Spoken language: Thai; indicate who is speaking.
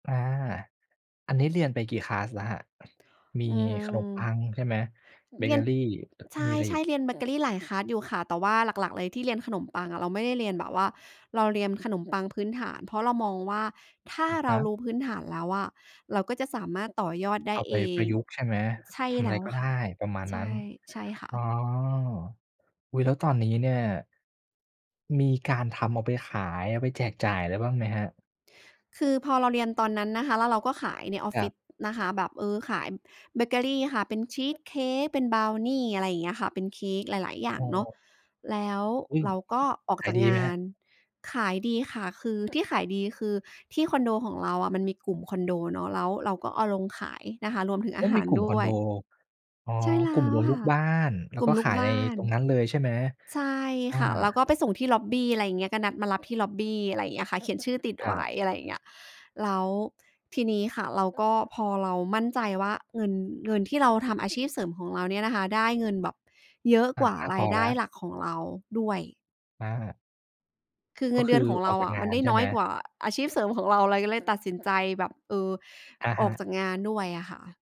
Speaker 1: อา อันนี้เรียนไปกี่คลาสแล้วครับ? มี
Speaker 2: อื
Speaker 1: ขนมปั
Speaker 2: ม
Speaker 1: งใช่ไหม? เบ
Speaker 2: เร
Speaker 1: เ
Speaker 2: ี
Speaker 1: ก
Speaker 2: ย
Speaker 1: อ
Speaker 2: น
Speaker 1: รี
Speaker 2: ใ
Speaker 1: มีอะไร
Speaker 2: ช
Speaker 1: อี
Speaker 2: ่
Speaker 1: ก?
Speaker 2: ๆ เรียนเบเกอรีหลายคลาสอยู่ค่ะ แต่ว่าหลัก ๆ เลยที่เรียนขนมปังอะ เราไม่ได้เรียนแบบว่า เราเรียนขนมปังพื้นฐาน เพราะเรามองว่า ถ้า
Speaker 1: อะ
Speaker 2: เ
Speaker 1: ฮ
Speaker 2: รา
Speaker 1: ะ
Speaker 2: รู้พื้นฐานแล้วอะ เราก็จะสามารถต่อยอดได
Speaker 1: เอ
Speaker 2: ้
Speaker 1: าไป
Speaker 2: เอ
Speaker 1: ปร
Speaker 2: ง
Speaker 1: ะยุกต์ใช่ไหม?
Speaker 2: ใช่
Speaker 1: ทำอ
Speaker 2: แ
Speaker 1: ะ
Speaker 2: ล
Speaker 1: ไร
Speaker 2: ้ว
Speaker 1: ก็ไ
Speaker 2: ค
Speaker 1: ด
Speaker 2: ่ะ
Speaker 1: ้ประมาณ
Speaker 2: ใช
Speaker 1: นั้
Speaker 2: ่
Speaker 1: น
Speaker 2: ใช่ค่
Speaker 1: อ๋อ
Speaker 2: ะ
Speaker 1: อุ๊ย! แล้วตอนนี้เนี่ย มีการทำเอาไปขาย เอาไปแจกจ่ายอะไรบ้างไหมครับ?
Speaker 2: คือพอเราเรียนตอนนั้นนะคะ แล้วเราก็ขายในออฟ
Speaker 1: ค
Speaker 2: ฟ
Speaker 1: ร
Speaker 2: ิ
Speaker 1: ับ
Speaker 2: ศนะคะแบบ เออ ขายเบเกอรีค่ะ เป็นชีสเค้ก เป็นบราวนี อะไรอย่างเงี้ยค่ะ เป็นเค้กหลาย ๆ อย่
Speaker 1: อ
Speaker 2: า
Speaker 1: ๋
Speaker 2: งเนาะ
Speaker 1: อ
Speaker 2: แล้ว
Speaker 1: อืม!
Speaker 2: เราก็ออก
Speaker 1: ขา
Speaker 2: จ
Speaker 1: ย
Speaker 2: าก
Speaker 1: ดี
Speaker 2: ง
Speaker 1: ไหม
Speaker 2: า
Speaker 1: ครับ?
Speaker 2: น ขายดีค่ะ คือที่ขายดี คือที่คอนโด ของเราอะมันมีกลุ่มคอนโดเนาะ แล้วเราก็เอาลงขายนะคะ รวมถึง
Speaker 1: โ
Speaker 2: อ
Speaker 1: อ
Speaker 2: า
Speaker 1: ้!
Speaker 2: ห
Speaker 1: ม
Speaker 2: า
Speaker 1: ี
Speaker 2: ร
Speaker 1: กลุ่ม
Speaker 2: ด
Speaker 1: ค
Speaker 2: ้
Speaker 1: อน
Speaker 2: ว
Speaker 1: โด
Speaker 2: ย
Speaker 1: อ๋อ
Speaker 2: ใช่แล้
Speaker 1: กลุ่ม
Speaker 2: ว
Speaker 1: รวม
Speaker 2: ค
Speaker 1: ลู
Speaker 2: ่ะ
Speaker 1: กบ้าน แล้
Speaker 2: ก
Speaker 1: ว
Speaker 2: ลุ
Speaker 1: ก
Speaker 2: ่ม
Speaker 1: ็
Speaker 2: ลู
Speaker 1: ข
Speaker 2: ก
Speaker 1: าย
Speaker 2: บ
Speaker 1: ใน
Speaker 2: ้าน
Speaker 1: ตรงนั้นเลยใช่ไหม?
Speaker 2: ใช่
Speaker 1: อา
Speaker 2: ค่ะ แล้วก็ไปส่งที่ล็อบบี อะไรเงี้ย ก็นัดมารับที่ล็อบบี อะไรเงี้ยค่ะ เขียนชื่อติด
Speaker 1: คร
Speaker 2: ไว
Speaker 1: ั
Speaker 2: ้
Speaker 1: บ
Speaker 2: อะไรอย่างเงี้ย แล้วทีนี้ค่ะเราก็ พอเรามั่นใจว่าเงิน เงินที่เราทำอาชีพเสริมของเราเนี่ยนะคะ ได้เงินแบบเยอะ
Speaker 1: อะ
Speaker 2: กว่า
Speaker 1: มาก
Speaker 2: ร
Speaker 1: พ
Speaker 2: า
Speaker 1: อ
Speaker 2: ยได
Speaker 1: แล
Speaker 2: ้
Speaker 1: ้ว
Speaker 2: หลักของเราด้วย
Speaker 1: อา
Speaker 2: คือเ
Speaker 1: ก
Speaker 2: ง
Speaker 1: ็
Speaker 2: ินเ
Speaker 1: ค
Speaker 2: ดื
Speaker 1: ื
Speaker 2: อน
Speaker 1: อ
Speaker 2: ของ
Speaker 1: อ
Speaker 2: เร
Speaker 1: อ
Speaker 2: า
Speaker 1: กจา
Speaker 2: อ
Speaker 1: ก
Speaker 2: ะ
Speaker 1: ง
Speaker 2: ม
Speaker 1: า
Speaker 2: ัน
Speaker 1: น
Speaker 2: ได้
Speaker 1: ใช่
Speaker 2: น้
Speaker 1: ไห
Speaker 2: อ
Speaker 1: ม?
Speaker 2: ยกว่าอาชีพเสริมของเรา เราก็เลยตัดสินใจแบบ เออ
Speaker 1: อะ
Speaker 2: อ
Speaker 1: ฮ
Speaker 2: อก
Speaker 1: ะ
Speaker 2: จากงานด้วยอะค่ะ